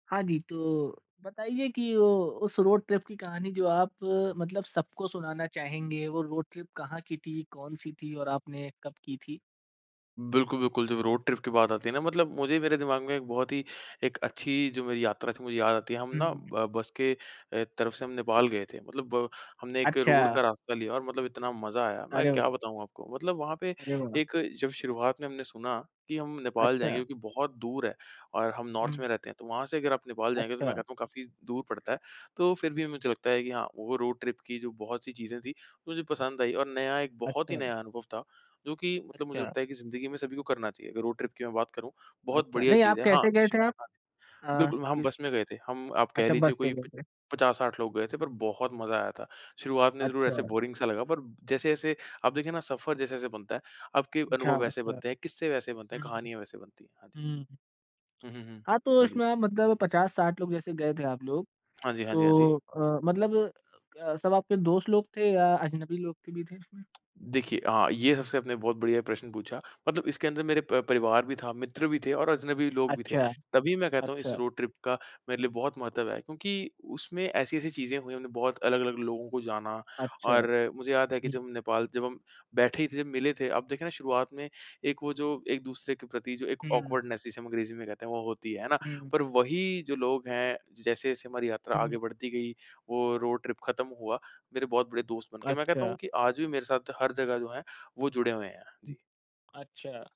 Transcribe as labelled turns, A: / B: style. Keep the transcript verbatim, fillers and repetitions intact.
A: हाँ जी, तो बताइए कि वो उस रोड ट्रिप की कहानी जो आप मतलब सबको सुनाना चाहेंगे वो रोड ट्रिप कहाँ की थी, कौन-सी थी और आपने कब की थी?
B: बिल्कुल, बिल्कुल, जब रोड ट्रिप की बात आती है ना मतलब मुझे मेरे दिमाग़ में एक बहुत ही एक अच्छी जो मेरी यात्रा थी मुझे याद आती है, हम
A: हुँ,
B: ना
A: हुँ।
B: ब बस के अ, तरफ से हम नेपाल गए थे। मतलब हमने एक रोड
A: अच्छा।
B: का रास्ता लिया और मतलब इतना मज़ा आया, मैं
A: अरे
B: क्या
A: व
B: बताऊँ आपको, मतलब वहाँ पे
A: अरे वाह!
B: एक जब शुरुआत में हमने सुना कि हम नेपाल जाएँगे,
A: अच्छा।
B: जो कि बहुत दूर है और हम नॉर्थ
A: हुँ।
B: में रहते हैं तो वहाँ से अगर आप नेपाल जाएँगे तो मैं
A: अच्छा।
B: कहता हूँ काफ़ी दूर पड़ता है। तो फिर भी मुझे लगता है कि हाँ, वो रोड ट्रिप की जो बहुत सी चीज़ें थी, मुझे पसंद आई और नया एक बहुत ही
A: अच्छा।
B: नया अनुभव था, जो कि मतलब मुझे
A: अच्छा।
B: लगता है कि ज़िन्दगी में सभी को करना चाहिए। अगर रोड ट्रिप की मैं बात करूँ बहुत
A: अच्छा,
B: बढ़िया
A: नहीं
B: चीज़
A: आप
B: है हाँ,
A: कैसे गए
B: श
A: थे आप?
B: हाँ,
A: अ,
B: बिल्कुल, हम
A: किस
B: बस में गए थे। हम आप कह
A: अच्छा
B: लीजिए
A: बस से
B: कोई
A: गए
B: प
A: थे।
B: पचास साठ लोग गए थे पर बहुत मजा आया था। शुरुआत में ज़रूर ऐसे
A: अच्छा।
B: बोरिंग सा लगा पर जैसे-जैसे आप देखे ना सफर जैसे-जैसे बनता है, आपके
A: अच्छा,
B: अनुभव वैसे
A: अच्छा।
B: बनते हैं, किस्से वैसे बनते हैं,
A: हुँ,
B: कहानियाँ वैसे बनती हैं, हाँ जी।
A: हुँ, हुँ।
B: हुँ, हुँ, हुँ,
A: हाँ, तो
B: हाँ जी।
A: उसमें मतलब पचास साठ लोग जैसे गए थे आप लोग,
B: हाँ जी, हाँ जी, हाँ जी।
A: तो अ, मतलब अ, सब आपके दोस्त लोग थे या अजनबी लोग थे भी थे उसमें?
B: देखिए हाँ, ये सबसे आपने बहुत बढ़िया प्रश्न पूछा। मतलब इसके अंदर मेरे प परिवार भी था, मित्र भी थे और अजनबी लोग भी थे।
A: अच्छा।
B: तभी मैं कहता हूँ इस
A: अच्छा।
B: रोड ट्रिप का मेरे लिए बहुत महत्व है क्योंकि उसमें ऐसी-ऐसी चीज़ें हुई हमने बहुत अलग-अलग लोगों को जाना,
A: अच्छा,
B: और मुझे याद है कि
A: हुँ।
B: जब नेपाल जब हम बैठे ही थे मिले थे, अब देखे ना शुरुआत में एक वो जो एक-दूसरे के प्रति जो एक
A: हुँ।
B: ऑकवर्डनेस जिसे हम अंग्रेज़ी में कहते हैं वो होती है, है ना?
A: हुँ।
B: पर वही जो लोग हैं जैसे-जैसे हमारी यात्रा आगे
A: हुँ।
B: बढ़ती गई, वो रोड ट्रिप ख़त्म हुआ, मेरे बहुत बड़े दोस्त बन गए, मैं कहता हूँ
A: अच्छा।
B: कि आज भी मेरे साथ हर जगह जो है वो जुड़े हुए हैं। जी।
A: अच्छा।